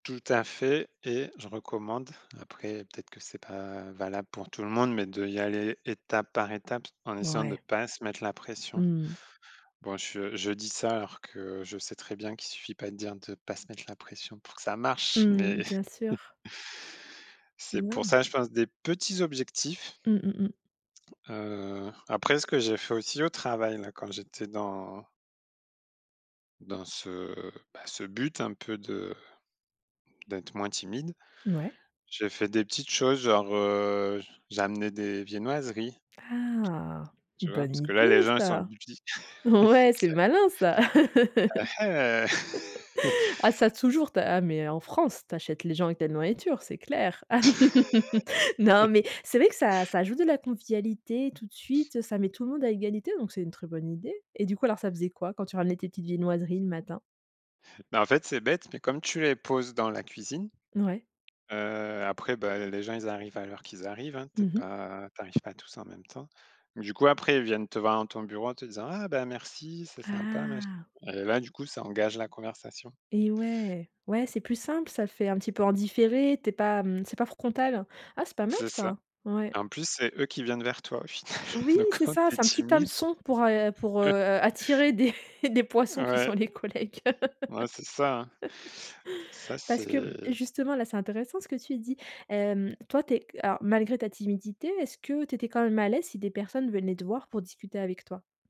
Tout à fait et je recommande, après, peut-être que c'est pas valable pour tout le monde, mais d'y aller étape par étape en essayant de Ouais. pas se mettre la Mmh pression. mh. Bon, je je dis ça alors que je sais très bien qu'il suffit pas de dire de pas se mettre la pression pour que ça marche, Mmh mais mh. Bien sûr. C'est pour [unintelligible] ça, je pense, des petits objectifs. Mmh mh, mmh. Heu, après, ce que j'ai fait aussi au travail là, quand j'étais dans dans ce, bah, ce but un peu de d'être moins timide, Ouais. j'ai fait des petites choses, genre, heu, j'ai amené des viennoiseries, Ah! tu vois? Parce Bonne que là, les idée gens, ils sont ça. [unintelligible] c'est Ouais, c'est clair. malin ça. Ah hé! Ah ça, toujours, tu as ah mais en France, tu achètes les gens avec la nourriture, c'est clair. Non, mais c'est vrai que ça ça ajoute de la convivialité tout de suite, ça met tout le monde à égalité, donc c'est une très bonne idée. Et du coup, alors ça faisait quoi quand tu ramènerais tes petites viennoiseries le matin? Bah, en fait, c'est bête, mais comme tu les poses dans la cuisine, Mouais. heu, après, bah, les gens, ils arrivent à l'heure qu'ils arrivent, hein. Tu es Mmh mh. pas tu arrives pas tous en même temps. Du coup après, ils viennent te voir dans ton bureau en te disant: «Ah bah merci, c'est sympa», machin. Ah! Et là, du coup, ça engage la conversation. Et ouais. Ouais, c'est plus simple. Ça fait un petit peu en différé, tu es pas, mmh, c'est pas frontal. Ah, c'est pas mal C'est ça. ça. Ouais. En plus, c'est eux qui viennent vers toi au final. Oui, Donc c'est quand ça, tu es c'est un petit timide hameçon pour a pour, heu, attirer des des poissons qui Ouais. sont les collègues. Ouais, c'est ça, ça Parce que, mmh, c'est justement, là, c'est intéressant ce que tu dis. Hem, toi tu es alors, malgré ta timidité, est-ce que tu étais quand même à l'aise si des personnes venaient te voir pour discuter avec toi?